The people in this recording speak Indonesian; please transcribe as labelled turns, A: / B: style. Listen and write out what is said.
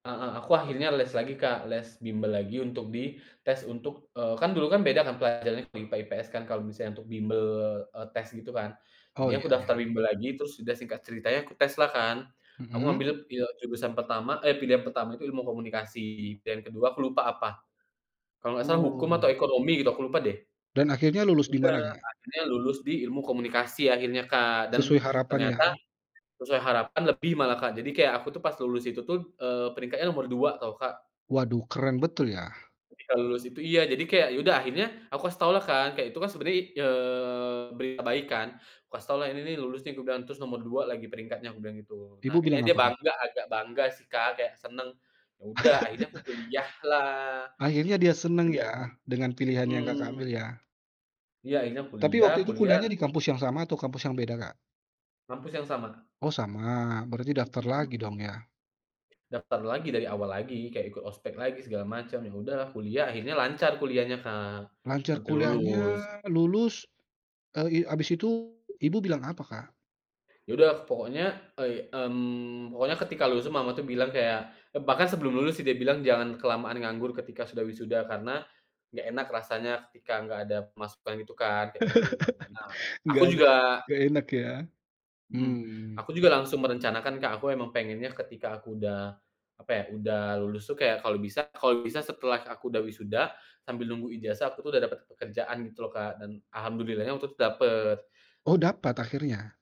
A: Heeh, aku akhirnya les lagi Kak les bimbel lagi untuk di tes untuk eee, kan dulu kan beda kan pelajarannya untuk IPA IPS kan kalo misalnya untuk bimbel, eee, tes gitu kan,
B: Oh,
A: jadi aku
B: iya
A: daftar
B: iya.
A: bimbel lagi terus sudah singkat ceritanya ku tes lah kan. Aku
B: Mhm.
A: ngambilnya pil jurusan pertama eh, pilihan pertama itu ilmu komunikasi dan kedua aku lupa apa, kalau nggak salah hukum atau
B: Oh.
A: ekonomi gitu aku lupa deh.
B: Dan akhirnya lulus di
A: Udah,
B: mana Kak?
A: akhirnya lulus di ilmu komunikasi akhirnya Kak dan
B: Sesuai harapan ya.
A: ternyata, sesuai harapan lebih malah Kak jadi kayak aku tuh pas lulus itu tuh, eee, peringkatnya nomor 2 tau Kak.
B: Waduh, keren betul ya.
A: Ketika lulus itu iya, jadi kayak ya udah akhirnya aku kasih taulah kan kayak itu kan sebenarnya i eee, berita baik kan, kukasih taulah, "Ini nih lulus nih," kubilang terus, "Nomor 2 lagi peringkatnya." kubilang gitu. Nah
B: Ibu bilang
A: kayaknya dia
B: apa Kak?
A: bangga agak bangga sih Kak kayak seneng, ya udah akhirnya aku kuliah lah
B: Akhirnya dia seneng
A: iya,
B: ya dengan pilihan yang Kakak
A: mhm.
B: ambil ya.
A: Iya, akhirnya
B: Tapi
A: kuliah
B: waktu itu
A: kuliah.
B: kuliahnya di kampus yang sama atau kampus yang beda Kak?
A: Kampus yang sama.
B: Oh, sama. Berarti daftar
A: Mhm.
B: lagi dong ya.
A: Daftar lagi dari awal lagi, kayak ikut ospek lagi segala macam. Ya udahlah kuliah, akhirnya lancar kuliahnya Kak,
B: Lancar
A: sampe
B: kuliahnya,
A: lulus.
B: lulus, eee, i habis itu ibu bilang apa Kak?
A: Ya udah pokoknya e mmm, pokoknya ketika lulus tuh mama tuh bilang kayak, eee, bahkan sebelum lulus sih dia bilang, "Jangan kelamaan nganggur ketika sudah wisuda karena, nggak enak rasanya ketika nggak ada pemasukan," itu kan kayak gitu. Nah, aku
B: Nggak ada
A: juga
B: nggak enak ya.
A: Mhm,
B: Mmm.
A: aku juga langsung merencanakan Kak. Aku emang pengennya ketika aku udah, apa ya, udah lulus tuh kayak kalau bisa kalau bisa setelah aku udah wisuda sambil nunggu ijazah aku tuh udah dapet pekerjaan gitu loh Kak, dan alhamdulillahnya waktu itu dapet.
B: Oh, dapat akhirnya?